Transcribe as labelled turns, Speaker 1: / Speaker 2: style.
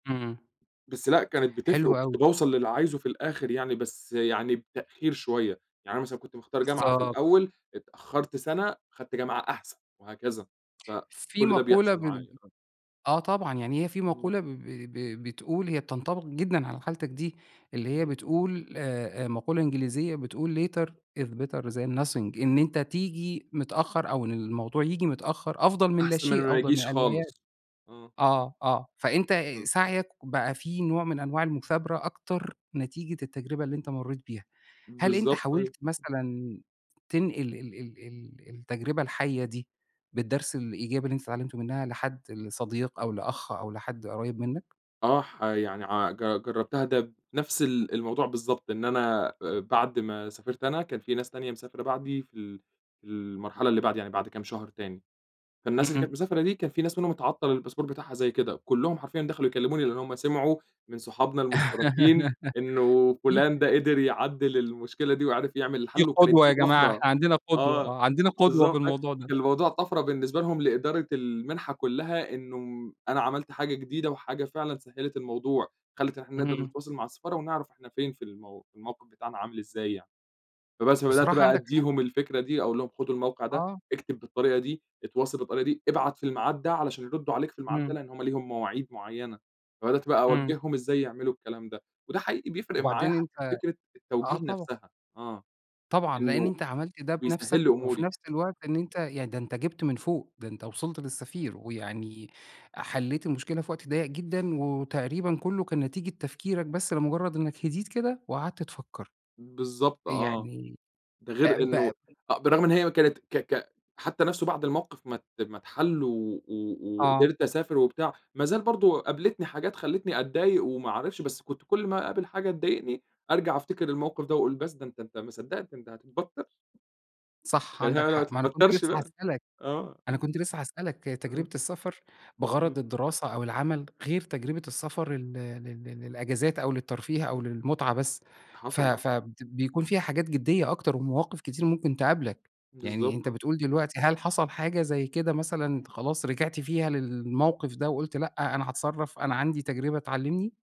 Speaker 1: إمم.
Speaker 2: بس لأ، كانت بتفرق
Speaker 1: حلو أوي.
Speaker 2: وكنت باوصل للي عايزه في الآخر يعني، بس يعني بتأخير شويّة. يعني أنا مثلًا كنت مختار جامعة في
Speaker 1: بالضبط.
Speaker 2: الأوّل، اتأخرت سنة، أخدت جامعة أحسن وهكذا،
Speaker 1: في
Speaker 2: فكل ده
Speaker 1: مقولة
Speaker 2: بيحصل
Speaker 1: ب
Speaker 2: معايا آه.
Speaker 1: آه طبعًا، يعني هي في
Speaker 2: إمم.
Speaker 1: مقولة ب ب ب بتقول هي بتنطبق جدًا على حالتك دي، اللي هي
Speaker 2: إمم.
Speaker 1: بتقول آآ، مقولة إنجليزية بتقول: "later is better than nothing." إن أنت تيجي متأخّر، أو إن الموضوع ييجي متأخّر أفضل من لا
Speaker 2: أحسن من
Speaker 1: شيء،
Speaker 2: ما
Speaker 1: أفضل من
Speaker 2: ييجيش
Speaker 1: أن لا يأتي.
Speaker 2: خالص، آه.
Speaker 1: آه، آه، فأنت
Speaker 2: إمم.
Speaker 1: سعيك بقى في نوع من أنواع المثابرة أكتر، نتيجة التجربة اللي أنت مريت بيها. هل أنت
Speaker 2: بالضبط، أيوه،
Speaker 1: حاولت
Speaker 2: امم.
Speaker 1: مثلًا تنقل ال ال ال التجربة الحيّة دي، بالدرس الإيجابي اللي أنت اتعلمته منها لحد؟ لصديق أو لأخ أو لحد قريب منّك؟
Speaker 2: آه، ح يعني ع ج جربتها ده بنفس الأ الموضوع بالضبط، إن أأ أنا بعد ما سافرت أنا، كان في ناس تانية مسافرة بعدي في ال في المرحلة اللي بعدي، يعني بعد كام شهر تاني، فالناس اللي كانت
Speaker 1: إمم.
Speaker 2: مسافرة دي كان في ناس منهم اتعطل الباسبور بتاعها زيي كده، كلّهم حرفيًا دخلوا يكلموني، لأن هُم سمعوا من صحابنا المشتَركين إنّه فلان
Speaker 1: [unintelligible]
Speaker 2: ده قدر يعدل المشكلة دي وعرف يعمل
Speaker 1: في
Speaker 2: الحل، وكانت
Speaker 1: قدوة
Speaker 2: دي
Speaker 1: يا جماعة،
Speaker 2: طفرة
Speaker 1: إحنا عندنا قدوة.
Speaker 2: آه،
Speaker 1: آه، عندنا قدوة في
Speaker 2: بالضبط، فك
Speaker 1: الموضوع ده.
Speaker 2: الموضوع طفرة بالنسبة لهم لإدارة المنحة كلّها، إنّه أنا عملت حاجة جديدة وحاجة فعلًا سهلت الموضوع، خلت إن إحنا نقدر
Speaker 1: إمم.
Speaker 2: نتواصل مع السفارة ونعرف إحنا فين في المو في الموقف بتاعنا عامل إزاي يعني. فبَس، فبدأت
Speaker 1: بصراحة
Speaker 2: بقى
Speaker 1: عندك حق.
Speaker 2: أديهم الفكرة دي، أقول لهم خدوا الموقع ده،
Speaker 1: آه.
Speaker 2: اكتب بالطريقة دي، اتواصل بالطريقة دي، ابعت في الميعاد ده علشان يردوا عليك في الميعاد ده،
Speaker 1: إمم.
Speaker 2: لأن هُم ليهم مواعيد معيّنة، فبدأت بقى
Speaker 1: إمم.
Speaker 2: أوجههم إزاي يعملوا الكلام ده، وده حقيقي بيفرق معايا
Speaker 1: وبعدين
Speaker 2: حتّى
Speaker 1: أنت
Speaker 2: فكرة
Speaker 1: آه
Speaker 2: التوجيه
Speaker 1: طبعَا.
Speaker 2: نفسها، آه،
Speaker 1: طبعًا، لإن
Speaker 2: إنّه
Speaker 1: أنت عملت ده
Speaker 2: بيسهل
Speaker 1: بنفسك
Speaker 2: لي
Speaker 1: وفي
Speaker 2: أموري.
Speaker 1: نفس الوقت إن أنت يعني ده أنت جبت من فوق، ده أنت وصلت للسفير ويعني حليت المشكلة في وقت ضيق جدًا وتقريبًا كلّه كان نتيجة تفكيرك بس لمجرد إنّك هديت كده وقعدت تفكّر.
Speaker 2: بالضبط آه،
Speaker 1: يعني
Speaker 2: ده
Speaker 1: آآ،
Speaker 2: غير
Speaker 1: ب
Speaker 2: إنّه آآ، بالرغم إن هي كانت ك ك حتّى نفسه بعد الموقف ما ت ما اتحل و و
Speaker 1: آه.
Speaker 2: وقدرت أسافر وبتاع، ما زال برضه قابلتني حاجات خلتني أتضايق وما اعرفش بس كنت كل ما اقابل حاجة تضايقني أرجع أفتكر الموقف ده، وأقول بس ده أنت أنت ما صدقت، أنت هتتبطر.
Speaker 1: صح،
Speaker 2: يعني هي
Speaker 1: عندك
Speaker 2: م ما
Speaker 1: حق. ما أنا كنت
Speaker 2: تتبطرش
Speaker 1: لسّه
Speaker 2: بقى،
Speaker 1: هاسألك،
Speaker 2: آه.
Speaker 1: أنا كنت لسّه هاسألك تجربة
Speaker 2: آه.
Speaker 1: السفر بغرض
Speaker 2: إمم.
Speaker 1: الدراسة أو العمل غير تجربة السفر ال لل للإجازات أو للترفيه أو للمتعة بس. ف
Speaker 2: حصل آه.
Speaker 1: فد بيكون فيها حاجات جديّة أكتر ومواقف كتير ممكن تقابلك، يعني
Speaker 2: بالضبط
Speaker 1: أنت
Speaker 2: آه.
Speaker 1: بتقول دلوقتي هل حصل حاجة زي كده مثلًا أنت خلاص رجعت فيها للموقف ده وقلت لأ، أنا هاتصرف، أنا عندي تجربة تعلمني؟